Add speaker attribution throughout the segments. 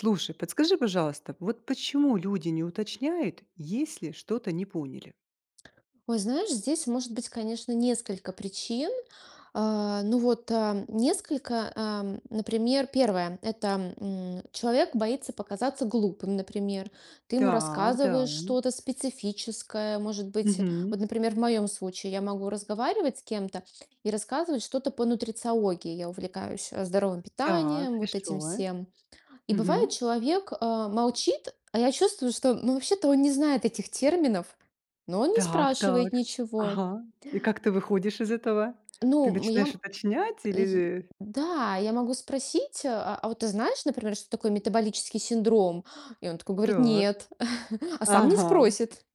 Speaker 1: Слушай, подскажи, пожалуйста, вот почему люди не уточняют, если что-то не поняли?
Speaker 2: Ой, знаешь, здесь может быть, конечно, несколько причин. А, ну, вот, а, несколько, а, м, например, первое- это, м, человек боится показаться глупым, например. Ты ему
Speaker 1: Так, да.
Speaker 2: рассказываешь что-то специфическое, может быть.
Speaker 1: Мгм.
Speaker 2: Вот, например, в моем случае я могу разговаривать с кем-то и рассказывать что-то по нутрициологии. Я увлекаюсь, э, здоровым
Speaker 1: Так,
Speaker 2: питанием, вот этим
Speaker 1: хорошо.
Speaker 2: всем. И бывает,
Speaker 1: Мгм.
Speaker 2: человек, э, молчит, а я чувствую, что, ну, вообще-то он не знает этих терминов, но он не
Speaker 1: Так так,
Speaker 2: спрашивает ничего.
Speaker 1: ага. И как ты выходишь из этого? Ты
Speaker 2: Ну, м, я,
Speaker 1: начинаешь
Speaker 2: м,
Speaker 1: уточнять
Speaker 2: э,
Speaker 1: или,
Speaker 2: й
Speaker 1: э?
Speaker 2: да, я могу спросить: "Э, э, а вот ты знаешь, например, что такое метаболический синдром?" И он такой говорит:
Speaker 1: Так,
Speaker 2: "Нет". А сам не
Speaker 1: ага.
Speaker 2: спросит.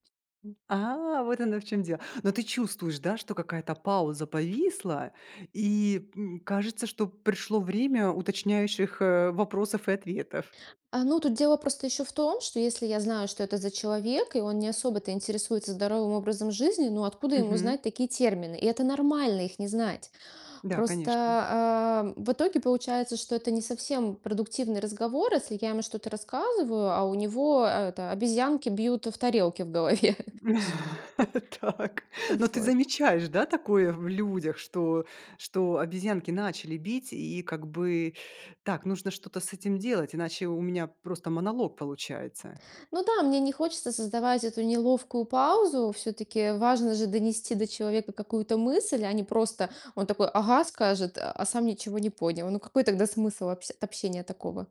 Speaker 1: А, вот оно в чём дело. Но ты чувствуешь, да, что какая-то пауза повисла и, м, кажется, что пришло время уточняющих, э, вопросов и ответов?
Speaker 2: А, ну, тут дело просто ещё в том, что, если я знаю, что это за человек, и он не особо-то интересуется здоровым образом жизни, ну, откуда ему
Speaker 1: Мгм.
Speaker 2: знать такие термины? И это нормально их не знать.
Speaker 1: Да,
Speaker 2: Просто,
Speaker 1: конечно.
Speaker 2: ам, в итоге получается, что это не совсем продуктивный разговор, если я ему что-то рассказываю, а у него это обезьянки бьют в тарелки в голове.
Speaker 1: Так. Но ты
Speaker 2: Вот.
Speaker 1: замечаешь, да, такое в людях, что что обезьянки начали бить и, как бы: "Так нужно что-то с этим делать, иначе у меня просто монолог получается".
Speaker 2: Ну да, мне не хочется создавать эту неловкую паузу. Всё-таки важно же донести до человека какую-то мысль, а не просто он такой: "Ага"- скажет, а сам ничего не понял. Ну, какой тогда смысл в общ от общения такого?